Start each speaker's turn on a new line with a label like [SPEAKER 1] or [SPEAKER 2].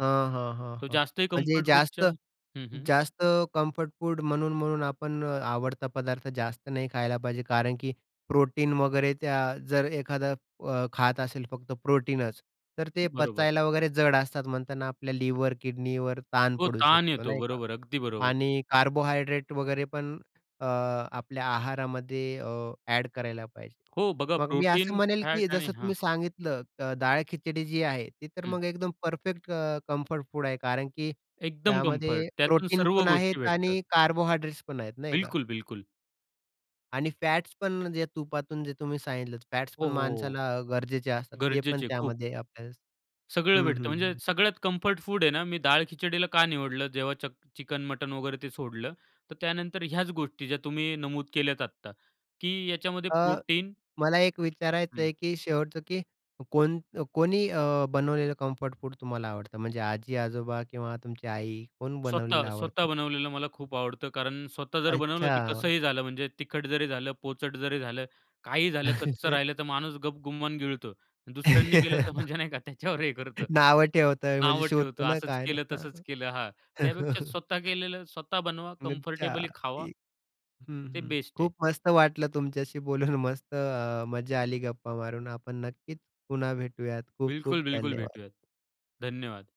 [SPEAKER 1] हां, हां, हां,
[SPEAKER 2] तो
[SPEAKER 1] हां.
[SPEAKER 2] जास्त आहे
[SPEAKER 1] म्हणजे
[SPEAKER 2] कम्फर्ट
[SPEAKER 1] जास्त
[SPEAKER 2] फूडच्या हं, हं.
[SPEAKER 1] जास्त कम्फर्ट फूड म्हणून-म्हणून आपण अ, आवडता पदार्थ जास्त नाही खायला पाहिजे कारण की प्रोटीन वगैरे त्या जर एखादा अ, खात असेल फक्त प्रोटीनच तर ते
[SPEAKER 2] बरोबर.
[SPEAKER 1] पचायला वगैरे जड असतात म्हणतात ना आपल्या लिवर, किडनीवर ताण
[SPEAKER 2] हो,
[SPEAKER 1] पडू
[SPEAKER 2] ताण
[SPEAKER 1] शकतो
[SPEAKER 2] येतो.
[SPEAKER 1] नाही का
[SPEAKER 2] बरोबर, अगदी बरोबर.
[SPEAKER 1] आणि कार्बोहायड्रेट वगैरे पण अ, आपल्या आहारामध्ये अ, अ‍ॅड करायला पाहिजे.
[SPEAKER 2] हो, बघा
[SPEAKER 1] मग मी असं
[SPEAKER 2] प्रोटीन,
[SPEAKER 1] म्हणेल
[SPEAKER 2] फॅट
[SPEAKER 1] की
[SPEAKER 2] आणि
[SPEAKER 1] जसं
[SPEAKER 2] हां.
[SPEAKER 1] तुम्ही सांगितलं अ, डाळ खिचडी जी आहे, ती तर
[SPEAKER 2] हं.
[SPEAKER 1] मग एकदम परफेक्ट अ, कम्फर्ट फूड आहे कारण की
[SPEAKER 2] एकदम कम्फर्ट,
[SPEAKER 1] त्यामध्ये
[SPEAKER 2] त्यातून
[SPEAKER 1] प्रोटीन
[SPEAKER 2] सर्व
[SPEAKER 1] पण
[SPEAKER 2] गोष्टी
[SPEAKER 1] आहेत
[SPEAKER 2] भेटतात.
[SPEAKER 1] आणि कार्बोहायड्रेट्स पण आहेत नाही का.
[SPEAKER 2] बिलकुल, बिलकुल.
[SPEAKER 1] आणि फॅट्स पण जे तुपातून जे तुम्ही सांगितल, फॅट्स
[SPEAKER 2] हो,
[SPEAKER 1] पण
[SPEAKER 2] हो, हो, हो.
[SPEAKER 1] माणसाला गरजेचे असतात. ते पण
[SPEAKER 2] गरजेचे खूप.
[SPEAKER 1] त्यामध्ये आपल्याला
[SPEAKER 2] सगळं
[SPEAKER 1] हं,
[SPEAKER 2] भेटतं, म्हणजे
[SPEAKER 1] हं.
[SPEAKER 2] सगळ्यात कम्फर्ट फूड आहे ना, मी डाळ खिचडीला का निवडलं, जेव्हा चक चिकन मटण वगैरे ते सोडलं, तर त्यानंतर ह्याच गोष्टी ज्या तुम्ही नमूद केल्या आता की याच्यामध्ये
[SPEAKER 1] अ,
[SPEAKER 2] प्रोटीन
[SPEAKER 1] मला एक विचारायचं
[SPEAKER 2] हं.
[SPEAKER 1] आहे, की शेवटचं की कोण अ, कोणी अ, बनवलेलं कम्फर्ट फूड तुम्हाला आवडतं? म्हणजे आजी-आजोबा किंवा तुमची आई, कोण
[SPEAKER 2] स्वतः,
[SPEAKER 1] बनवलेलं
[SPEAKER 2] स्वतः
[SPEAKER 1] आवडतं?
[SPEAKER 2] बनवलेलं मला खूप आवडतं, कारण स्वतः जर बनवलं, तर
[SPEAKER 1] अच्छा.
[SPEAKER 2] कसंही झालं म्हणजे तिखट जरी झालं, पोचट जरी झालं, काहीही झालं, कच्चं राहिलं, तर माणूस गपगुमान गिळतो. दुसऱ्यांनी केलं, तर म्हणजे नाही का त्याच्यावर हे करतं,
[SPEAKER 1] नावं ठेवत आहेत म्हणजे
[SPEAKER 2] नावं ठेवतो,
[SPEAKER 1] शोधता ना
[SPEAKER 2] असंच
[SPEAKER 1] काय ना?
[SPEAKER 2] केलं,
[SPEAKER 1] हां,
[SPEAKER 2] तसंच
[SPEAKER 1] हां.
[SPEAKER 2] केलं. हां, त्यापेक्षा स्वतः केलेलं, स्वतः बनवा,
[SPEAKER 1] अच्छा.
[SPEAKER 2] कम्फर्टेबली खावा.
[SPEAKER 1] [unintelligible] हं,
[SPEAKER 2] ते
[SPEAKER 1] हं.
[SPEAKER 2] बेस्ट आहे.
[SPEAKER 1] खूप मस्त वाटलं तुमच्याशी बोलून, मस्त अ, मज्जा आली गप्पा मारून. आपण नक्कीच पुन्हा भेटूयात. खूप-खूप
[SPEAKER 2] बिलकुल-बिलकुल
[SPEAKER 1] धन्यवाद.
[SPEAKER 2] भेटूयात. धन्यवाद.